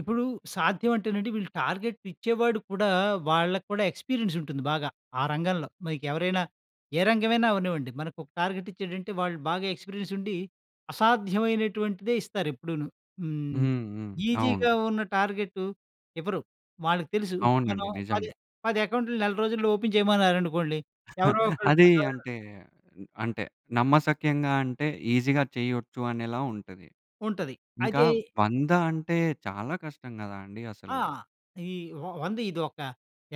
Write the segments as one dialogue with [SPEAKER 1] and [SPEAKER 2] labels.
[SPEAKER 1] ఇప్పుడు సాధ్యం అంటేనండి వీళ్ళు టార్గెట్ ఇచ్చేవాడు కూడా, వాళ్ళకి కూడా ఎక్స్‌పీరియన్స్ ఉంటుంది బాగా, ఆ రంగంలో. మీకు ఎవరైనా ఏ రంగమైనా అవ్వనివ్వండి. మనకు ఒక టార్గెట్ ఇచ్చాడంటే, వాళ్ళు బాగా ఎక్స్‌పీరియన్స్ ఉండి, అసాధ్యమైనటువంటిదే ఇస్తారు ఎప్పుడూనూ. హ్మ్.
[SPEAKER 2] హ్మ్. హ్మ్.
[SPEAKER 1] ఈసీగా
[SPEAKER 2] అవును.
[SPEAKER 1] ఉన్న టార్గెటు ఇవ్వరు. వాళ్ళకి తెలుసు. ఇప్పుడు మనం
[SPEAKER 2] అవునండి
[SPEAKER 1] పది
[SPEAKER 2] నిజమే.
[SPEAKER 1] పది అకౌంట్లు నెల రోజుల్లో ఓపెన్ చేయమన్నారనుకోండి, ఎవరో ఒకళ్ళు
[SPEAKER 2] అది
[SPEAKER 1] [unintelligible]
[SPEAKER 2] అంటే, అంటే నమ్మసక్యంగా అంటే
[SPEAKER 1] అ!
[SPEAKER 2] ఈజీగా చేయొచ్చు అనేలా ఉంటది.
[SPEAKER 1] ఉంటది.
[SPEAKER 2] ఇంకా
[SPEAKER 1] అయితే
[SPEAKER 2] 100 అంటే చాలా కష్టం కదా అండి
[SPEAKER 1] ఆ!
[SPEAKER 2] అసలు.
[SPEAKER 1] ఈ వ వంద ఇది ఒక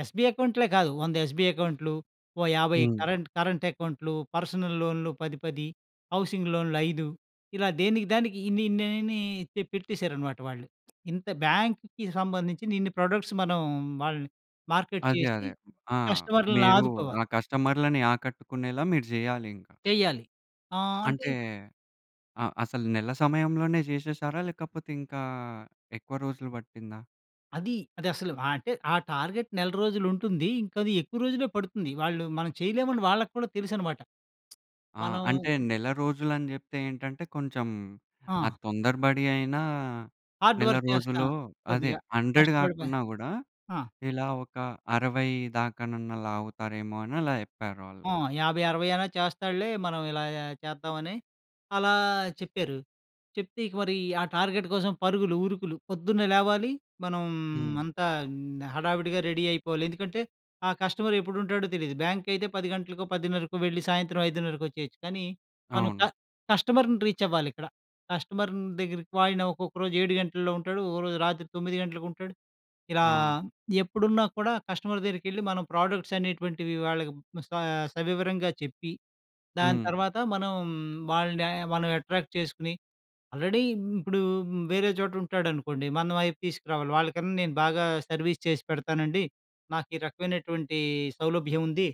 [SPEAKER 1] ఎస్బీఐ అకౌంట్లే కాదు, 100 ఎస్బీ అకౌంట్లు, ఓ 50
[SPEAKER 2] హ్మ్.
[SPEAKER 1] కరెంట్ కరెంట్ అకౌంట్లు, పర్సనల్ లోన్‌లు 10, 10, హౌసింగ్ లోన్‌లు 5. ఇలా దేనికి దానికి ఇన్ని ఇన్నన్ని పె పెట్టేశారనమాట వాళ్ళు. ఇంత బ్యాంక్‌కి సంబంధించిన ఇన్ని ప్రోడక్ట్స్ మనం, వాళ్ళని మార్కెట్
[SPEAKER 2] అదే,
[SPEAKER 1] చేసి
[SPEAKER 2] అదే. ఆ!
[SPEAKER 1] కస్టమర్లను
[SPEAKER 2] మీరు
[SPEAKER 1] ఆదుకోవాలి.
[SPEAKER 2] ఆ కస్టమర్లని ఆకట్టుకునేలా మీరు చెయ్యాలి ఇంకా.
[SPEAKER 1] చెయ్యాలి. ఆహ్, అంటే
[SPEAKER 2] అంటే, ఆహ్, అసలు నెల సమయంలోనే చేసేసారా? లేకపోతే ఇంకా ఎక్కువ రోజులు పట్టిందా?
[SPEAKER 1] అది. అది అసలు ఆహ్, అంటే ఆ టార్గెట్ నెల రోజులు ఉంటుంది. ఇంకా అది ఎక్కువ రోజులె పడుతుంది. వాళ్ళు మనం చేయలేం అని వాళ్ళకి కూడా తెలుసు అన్నమాట.
[SPEAKER 2] ఆ!
[SPEAKER 1] మనం
[SPEAKER 2] అంటే నెల రోజులు అని చెప్తే ఏంటంటే, కొంచెం, ఆ
[SPEAKER 1] ఆ!
[SPEAKER 2] తొందరబడి అయినా,
[SPEAKER 1] హార్డ్
[SPEAKER 2] నెల
[SPEAKER 1] వర్క్ చేస్తాం.
[SPEAKER 2] రోజులో అదే
[SPEAKER 1] కొద్దిగా
[SPEAKER 2] 100
[SPEAKER 1] కష్టపడిపోయి
[SPEAKER 2] కాకున్నా కూడా,
[SPEAKER 1] ఆ!
[SPEAKER 2] ఇలా ఒక 60 దాకనన్నా లాగుతారేమో అని అలా చెప్పారు వాళ్ళు.
[SPEAKER 1] ఆ! 50, 60 అయినా చేస్తాడులే, మనం ఇలా చేద్దామని, అలా చెప్పారు. చెప్తే ఇక మరి ఆ టార్గెట్ కోసం పరుగులు, ఉరుకులు పొద్దున్నే లేవాలి, మనం
[SPEAKER 2] హ్మ్.
[SPEAKER 1] అంతా హడావిడిగా రెడీ అయిపోవాలి. ఎందుకంటే ఆ కస్టమర్ ఎప్పుడు ఉంటాడో తెలీదు. బ్యాంక్ అయితే 10 గంటలకో, పదిన్నరకో వెళ్లి సాయంత్రం ఐదున్నరకి వచ్చేయొచ్చు. కానీ మనం క
[SPEAKER 2] అవును.
[SPEAKER 1] కస్టమర్‌ని రీచ్ అవ్వాలి ఇక్కడ. కస్టమర్ దగ్గరకి ఆయన ఒక్కొక్క రోజు 7 గంటల్లో ఉంటాడు, ఒక రోజు రాత్రి 9 గంటలకు ఉంటాడు. ఇలా
[SPEAKER 2] ఆ!
[SPEAKER 1] ఎప్పుడున్నా కూడా కస్టమర్ దగ్గరికెళ్లి మనం ప్రోడక్ట్స్ అనేటువంటివి వాళ్ళకి స సవివరంగా చెప్పి, దాని
[SPEAKER 2] హ్మ్.
[SPEAKER 1] తర్వాత మనం, వాళ్ళని మనం అట్రాక్ట్ చేసుకొని, ఆల్రెడీ ఇ ఇప్పుడు వేరే చోట ఉంటాడనుకోండి, మన వైపు తీసుకురావాలి. వాళ్ళకన్నా నేను బాగా సర్వీస్ చేసి పెడతానండి, నాకు ఈ రకమైనటువంటి సౌలభ్యం ఉంది.